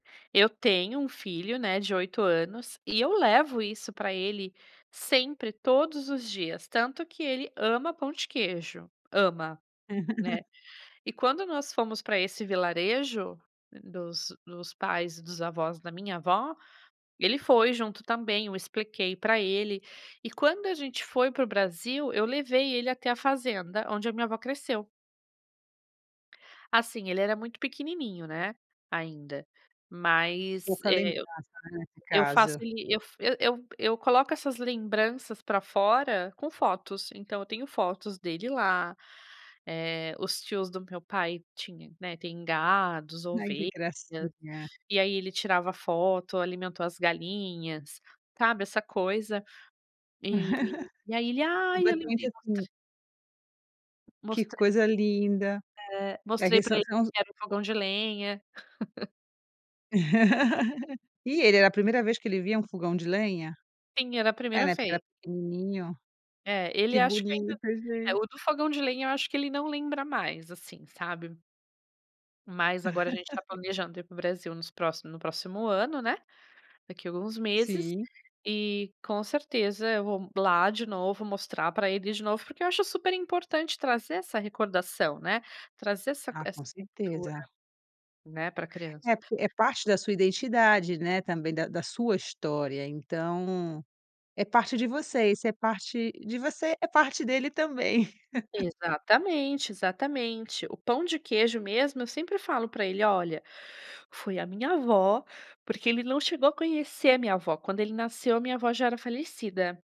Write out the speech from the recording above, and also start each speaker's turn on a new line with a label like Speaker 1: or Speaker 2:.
Speaker 1: Eu tenho 1 filho, né, de 8 anos, e eu levo isso pra ele sempre, todos os dias, tanto que ele ama pão de queijo. Ama, né. E quando nós fomos pra esse vilarejo, dos dos pais dos avós da minha avó, ele foi junto também, eu expliquei pra ele, e quando a gente foi para o Brasil, eu levei ele até a fazenda onde a minha avó cresceu. Assim, ele era muito pequenininho, né, ainda.
Speaker 2: O
Speaker 1: Mas,
Speaker 2: calen
Speaker 1: eh, eu
Speaker 2: [unintelligible]
Speaker 1: eu faço
Speaker 2: casa.
Speaker 1: ele eu f eu eu eu coloco essas lembranças pra fora com fotos, então eu tenho fotos dele lá, eh, os tios do meu pai tinha, né, tem gados,
Speaker 2: Ai, que
Speaker 1: ovelhas,
Speaker 2: gracinha.
Speaker 1: e aí ele tirava a foto, alimentou as galinhas, sabe, essa coisa. E e aí ele: "Ai, eu lembrei",
Speaker 2: [unintelligible]
Speaker 1: mostrei
Speaker 2: Que
Speaker 1: Mostrei
Speaker 2: coisa linda.
Speaker 1: É,
Speaker 2: É
Speaker 1: mostrei
Speaker 2: que
Speaker 1: pra
Speaker 2: sã
Speaker 1: ele o
Speaker 2: são os
Speaker 1: que era o fogão de lenha.
Speaker 2: E ele, era a primeira vez que ele via um fogão de lenha?
Speaker 1: Sim, era a
Speaker 2: É
Speaker 1: primeira
Speaker 2: né, porque era
Speaker 1: vez.
Speaker 2: pequenininho.
Speaker 1: É, ele
Speaker 2: Que
Speaker 1: acho que ainda
Speaker 2: bonito
Speaker 1: é,
Speaker 2: gente.
Speaker 1: o do fogão de lenha, eu acho que ele não lembra mais, assim, sabe. Mas agora a gente está planejando ir para o Brasil nos próximo no próximo ano, né, daqui alguns meses.
Speaker 2: Sim.
Speaker 1: E, com certeza eu vou lá de novo, mostrar pra ele de novo, porque eu acho super importante trazer essa recordação, né, trazer essa c
Speaker 2: Ah,
Speaker 1: essa
Speaker 2: com
Speaker 1: cultura,
Speaker 2: certeza.
Speaker 1: né, pra criança.
Speaker 2: É, porque é parte da sua identidade, né, também da da sua história, então é parte de você, isso é parte de você, é parte dele também.
Speaker 1: Exatamente, exatamente. O pão de queijo mesmo, eu sempre falo pra ele: "Olha, foi a minha avó", porque ele não chegou a conhecer a minha avó, quando ele nasceu, a minha avó já era falecida.